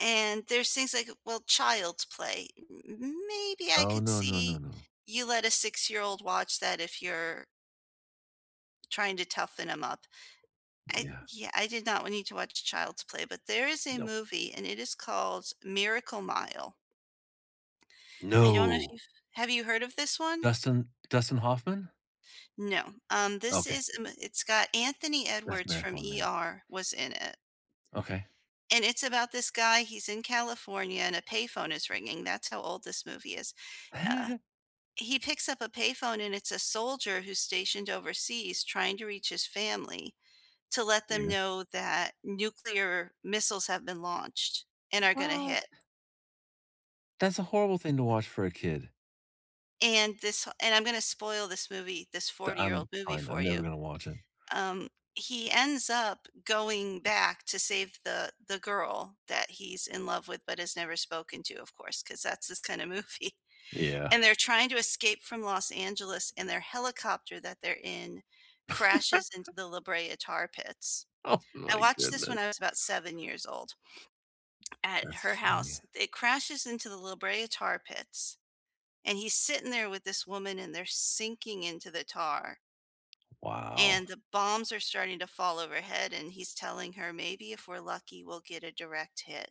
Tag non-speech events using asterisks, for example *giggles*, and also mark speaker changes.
Speaker 1: And, there's things, like, well, Child's Play. M m maybe I
Speaker 2: Oh,
Speaker 1: could
Speaker 2: no, no, no,
Speaker 1: see,
Speaker 2: no.
Speaker 1: you let a six-year-old watch that if you're trying to toughen him up. I
Speaker 2: Yeah.
Speaker 1: Yeah, I did not want you to watch Child's Play, but there is a
Speaker 2: No.
Speaker 1: movie, and it is called Miracle Mile. I don't know if
Speaker 2: No.
Speaker 1: you've have you heard of this one?
Speaker 2: Dustin Dustin Hoffman?
Speaker 1: No. Um, this
Speaker 2: Okay.
Speaker 1: is, em it's got Anthony
Speaker 2: That's
Speaker 1: Edwards from
Speaker 2: Marathon Man.
Speaker 1: ER, was in it
Speaker 2: Okay.
Speaker 1: and it's about this guy, he's in California, and a payphone is ringing, that's how old this movie is. Uh
Speaker 2: *giggles*
Speaker 1: he picks up a payphone, and it's a soldier who's stationed overseas trying to reach his family, to let them
Speaker 2: Weird.
Speaker 1: know that nuclear missiles have been launched and are gonna
Speaker 2: What?
Speaker 1: hit.
Speaker 2: That's a horrible thing to watch for a kid.
Speaker 1: And this h and I'm gonna spoil this movie, this
Speaker 2: D
Speaker 1: forty-year-old
Speaker 2: I'm
Speaker 1: movie
Speaker 2: fine,
Speaker 1: for
Speaker 2: I'm never
Speaker 1: you.
Speaker 2: gonna watch it.
Speaker 1: Um, he ends up going back to save the the girl that he's in love with but has never spoken to, of course, 'cause that's this kind of movie.
Speaker 2: Yeah.
Speaker 1: And they're trying to escape from Los Angeles, and their helicopter that they're in crashes
Speaker 2: *laughs*
Speaker 1: into the La Brea Tar Pits.
Speaker 2: Oh,
Speaker 1: I
Speaker 2: my
Speaker 1: watched this when
Speaker 2: goodness.
Speaker 1: I was about 7 years old, at
Speaker 2: That's
Speaker 1: her
Speaker 2: funny.
Speaker 1: house. It crashes into the La Brea Tar Pits, and he's sitting there with this woman, and they're sinking into the tar
Speaker 2: Wow.
Speaker 1: and the bombs are starting to fall overhead, and he's telling her, "Maybe if we're lucky, we'll get a direct hit."